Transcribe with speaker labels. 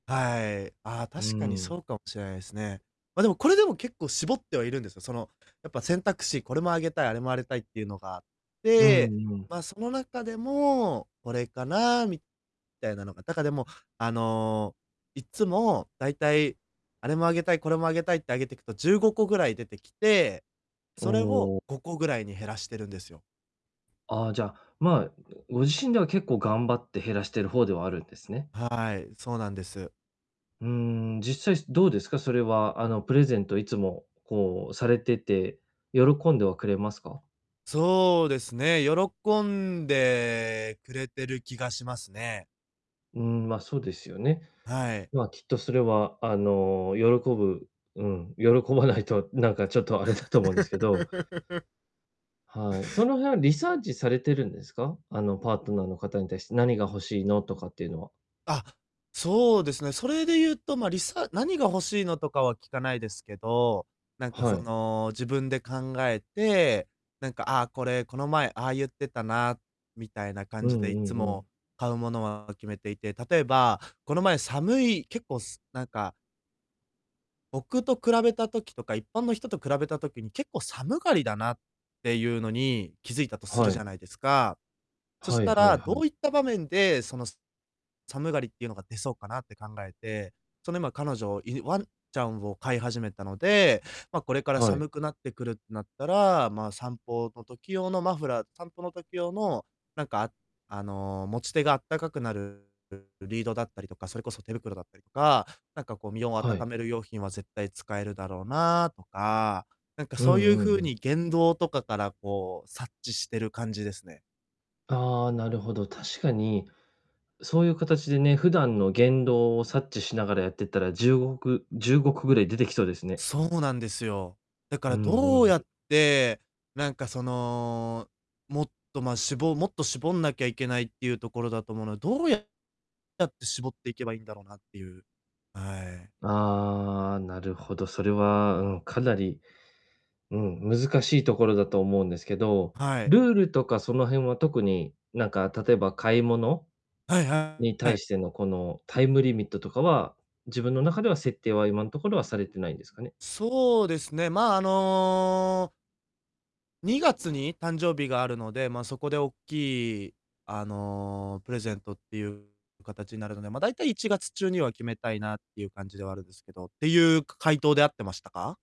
Speaker 1: はい。あ、
Speaker 2: うー
Speaker 1: 確かに
Speaker 2: ん。
Speaker 1: そうかもしれないすね。ま、でも、これでも結構絞ってはいるんですが、その、やっぱ、選択肢これもあげたい、あれもあれたいってゆうのがあっ
Speaker 2: うん
Speaker 1: て、
Speaker 2: うん。
Speaker 1: ま、その中でも、これかなみたいなのがだか、でも、あの、いっつも大体、あれもあげたい、これもあげたいってあげてくと、15個ぐらい出てきて、
Speaker 2: お
Speaker 1: それを
Speaker 2: お。
Speaker 1: 5個ぐらいに減らしてるんですよ。
Speaker 2: ああ、じゃ、まあ、ん、ご自身では結構頑張って減らしてる方ではあるんですね。
Speaker 1: はい、そうなんです。
Speaker 2: うーん、実際、すどうですか、それは、あの、プレゼントいつもこうされてて、喜んではくれますか？
Speaker 1: そうですね、喜んでくれてる気がしますね。
Speaker 2: うーん、ま、そうですよね。
Speaker 1: はい。
Speaker 2: ま、きっとそれは、あの、喜ぶうん、喜ばないとなんかちょっとあれだと思うんですけど。はい、その辺はリサーチされてるんですか？あの、パートナーの方に対して、「何が欲しいの？」とかっていうのは？
Speaker 1: あ、そうですね。それでゆうと、ま、りさ「何が欲しいの？」とかは聞かないですけど、なんか
Speaker 2: は
Speaker 1: そ
Speaker 2: い。
Speaker 1: の、自分で考えて、なんか、ああ、これ、この前、ああゆってたなみたいな感
Speaker 2: う
Speaker 1: じ
Speaker 2: ん
Speaker 1: で、い
Speaker 2: う
Speaker 1: っつ
Speaker 2: んう
Speaker 1: も、
Speaker 2: ん。
Speaker 1: 買うものは決めていて、例えば、この前、寒い、結構すなんか僕と比べた時とか、一般の人と比べた時に、結構寒がりだなってゆうのに気づいたとする
Speaker 2: は
Speaker 1: じゃ
Speaker 2: い。
Speaker 1: ないですか、そし
Speaker 2: はい
Speaker 1: た
Speaker 2: はい
Speaker 1: ら、
Speaker 2: は
Speaker 1: ど
Speaker 2: い。
Speaker 1: ういった場面で、その、す寒がりってゆうのが出そうかなって考えて、その、今、彼女、いぬワンちゃんを飼い始めたので、ま、これから
Speaker 2: はい。
Speaker 1: 寒くなってくるってなったら、まあ、散歩の時用のマフラー、散歩の時用のなんか、あの、持ち手があったかくなるる、リードだったりとか、それこそ手袋だったりとか、なんかこう、身を温
Speaker 2: はい。
Speaker 1: める用品は絶対使えるだろうなとか、なんか
Speaker 2: う
Speaker 1: そうゆう
Speaker 2: んうんう
Speaker 1: 風
Speaker 2: ん。
Speaker 1: に、言動とかからこう察知してる感じですね。
Speaker 2: ああ、なるほど。確かに、そうゆうかたちでね、普段の言動を察知しながらやってったら、10ごく15個ぐらい出てきそうですね。
Speaker 1: そうなんですよ。だか
Speaker 2: う
Speaker 1: ら、ど
Speaker 2: ん
Speaker 1: う
Speaker 2: う
Speaker 1: や
Speaker 2: ん。
Speaker 1: って、なんかその、もっと、ま、しぼもっと絞んなきゃいけないってゆうところだと思うのどうやって絞っていけばいんだろなってゆうはい。
Speaker 2: ああ、なるほど、それは、うん、かなり、うん、難しいところだと思うんですけど、
Speaker 1: はい。
Speaker 2: ルールとかその辺は、特になんか例えば、買い物
Speaker 1: はい、は
Speaker 2: に対
Speaker 1: い。
Speaker 2: してのこのタイムリミットとかは、自分の中では設定は今んところはされてないんですかね？
Speaker 1: そうですね、まあ、あの2月に誕生日があるので、まあ、そこでおっきい、あの、プレゼントってゆうかたちなるので、ま、大体、1月中には決めたいなってゆう感じではあるんですけど、ってゆう回答で合ってましたか？